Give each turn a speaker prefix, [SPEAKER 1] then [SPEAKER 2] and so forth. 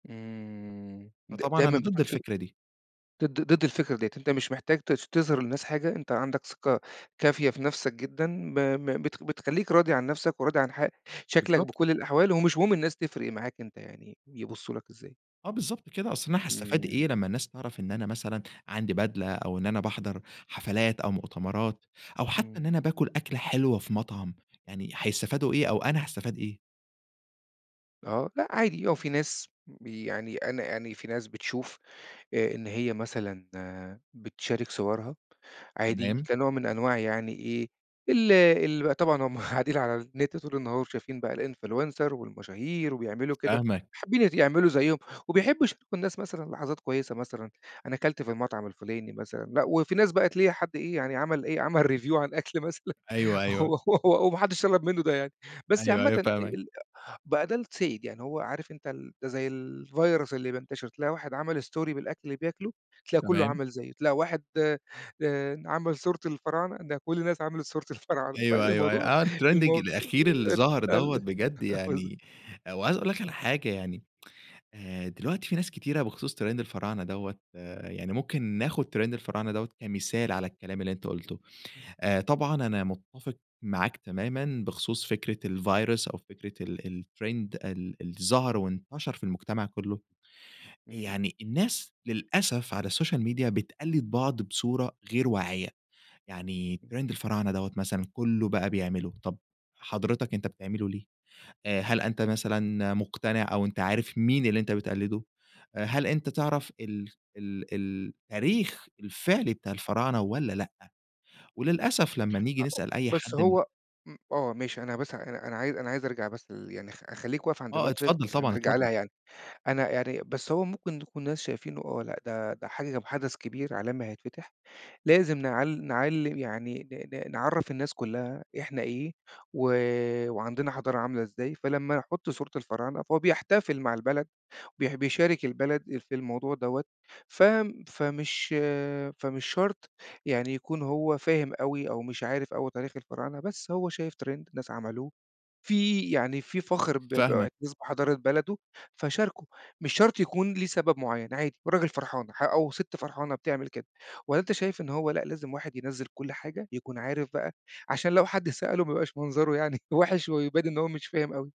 [SPEAKER 1] امم. د
[SPEAKER 2] فطبعًا أنا
[SPEAKER 1] دايمًا
[SPEAKER 2] ضد
[SPEAKER 1] بتنشُر
[SPEAKER 2] الفكرة دي.
[SPEAKER 1] ضد ضد الفكرة ديّة، أنتَ مش محتاج ت تظهَر للناس حاجة، أنتَ عندك ثقة كافية في نفسك جدًا، ب ب بت بتخلِّيك راضي عن نفسك وراضي عن ح شكلك
[SPEAKER 2] بالضبط.
[SPEAKER 1] بكل الأحوال، ومش مهم الناس تفرَّق معاك أنتَ يعني يبصوا لك إزاي.
[SPEAKER 2] آه، بالضبط كده. أصل أنا حاستفيد
[SPEAKER 1] إمم.
[SPEAKER 2] إيه لمّا الناس تعرَف إن أنا مثلًا عندي بدلة، أو إن أنا باحضَر حفلات أو مؤتمرات، أو حتى
[SPEAKER 1] إمم.
[SPEAKER 2] إن أنا باكُل أكلة حلوة في مطعم، يعني هيستفيدوا إيه أو أنا هاستفيد إيه؟!
[SPEAKER 1] آه، لأ عادي، هو في ناس بي يعني أنا يعني فيه ناس بتشوف آآ، إن هي مثلًا بتشارك صورها عادي
[SPEAKER 2] تمام.
[SPEAKER 1] كنوع من أنواع يعني إيه، ال ال بقى، طبعًا هُم قاعدين على النت طول النهار وشايفين بقى الinfluencer والمشاهير وبيعملوا كده،
[SPEAKER 2] فاهمك.
[SPEAKER 1] فحابِين يعملوا زيهُم وبيحبوا يشاركوا الناس مثلًا لحظات كويِسة مثلًا، أنا كلت في المطعم الفُلاني مثلًا، لأ. وفي ناس بقى تلاقي حد إيه يعني، عمل إيه، عمل review عن أكل مثلًا
[SPEAKER 2] أيوه، أيوه.
[SPEAKER 1] و وما حدش طلَب منه ده يعني. بس
[SPEAKER 2] أيوه
[SPEAKER 1] عامةً
[SPEAKER 2] أيوه،
[SPEAKER 1] ال
[SPEAKER 2] فاهمك.
[SPEAKER 1] بقى ده السائِد. يعني هو عارِف أنتَ ال ده زي الvirus اللي بينتشِر، تلاقي واحد عمل story بالأكل اللي بياكُله، تلاقي كُلُّه
[SPEAKER 2] تمام.
[SPEAKER 1] عمل زيه، تلاقي واحد آآ، آآ، عمل صورته الفراعنة، تلاقي كل الناس عملت صورة الفراعنة.
[SPEAKER 2] أيوه أيوه أيوه.
[SPEAKER 1] فالموضوع
[SPEAKER 2] آه الtrending
[SPEAKER 1] المو
[SPEAKER 2] الأخير اللي ظاهر
[SPEAKER 1] ال
[SPEAKER 2] دوّة بجد
[SPEAKER 1] بالضبط.
[SPEAKER 2] يعني، وعايِز أقول لك على حاجة يعني. آآ، دلوقتي في ناس كتيرة بخُصوص trend الفراعنة دوّة، آآ، يعني ممكن ناخُد trend الفراعنة دوّة كمثال على الكلام اللي أنتَ قُلته.
[SPEAKER 1] إمم.
[SPEAKER 2] آآ، طبعًا أنا متَّفِق معاك تمامًا بخُصوص فكرة الvirus أو فكرة ال الtrend ال اللي ظهَر وانتشر في المجتمع كله.
[SPEAKER 1] اهم.
[SPEAKER 2] يعني الناس للأسف على السوشيال ميديا بتقلِّد بعض بصورة غير واعِية، يعني
[SPEAKER 1] [unintelligible]
[SPEAKER 2] trend الفراعنة دوّة مثلًا كله بقى بيعمله، طَب حضرتك أنتَ بتعمله ليه؟ آآ، هل أنتَ مثلًا مقتنع، أو أنتَ عارِف مين اللي أنتَ بتقلِّده؟ هل أنتَ تعرَف ال ال ال التاريخ الفعلي بتاع الفراعنة والّا لأ؟ وللأسف لمّا نيجي نسأَل
[SPEAKER 1] [unintelligible]
[SPEAKER 2] أي
[SPEAKER 1] بس
[SPEAKER 2] حد من
[SPEAKER 1] هو م آه ماشي، أنا بس أنا أنا عايِز أنا عايِز أرجَع بس ل يعني خ خلِّيك واقف عند
[SPEAKER 2] آه،
[SPEAKER 1] النقطة ديّة،
[SPEAKER 2] اتفضل
[SPEAKER 1] بس
[SPEAKER 2] طبعًا،
[SPEAKER 1] هنرجع
[SPEAKER 2] اتفضل.
[SPEAKER 1] لها يعني. أنا يعني بس هو ممكن يكون الناس شايفينه، آه، لأ ده ده حج حدَث كبير عالمي هيتفتَح، لازم نع نعلِّم يعني، ن ن نعرِّف الناس كلها إحنا إيه، و وعندنا حضارة عاملة إزاي. فلمّا يحُط صورة الفراعنة فهو بيحتفل مع البلد، بي بيشارِك البلد في الموضوع دوّة. ف فمش فمش شرط يعني يكون هو فاهِم أوي أو مش عارِف أوي تاريخ الفراعنة، بس هو شايِف trend ناس عملوه، فيه يعني، فيه فخر ب
[SPEAKER 2] فاهمك.
[SPEAKER 1] ب [unintelligible] حضارة بلده فشارَكه. مش شرط يكون ليه سبب معيَّن، عادي والراجل فرحان، أو ستّ فرحانة بتعمل كده. والّا أنتَ شايِف إن هو لأ، لازم واحد ينزِّل كل حاجة يكون عارِف بقى، عشان لو حد سأله ما يبقاش منظره يعني وحِش، ويبان إن هو مش فاهم أوي؟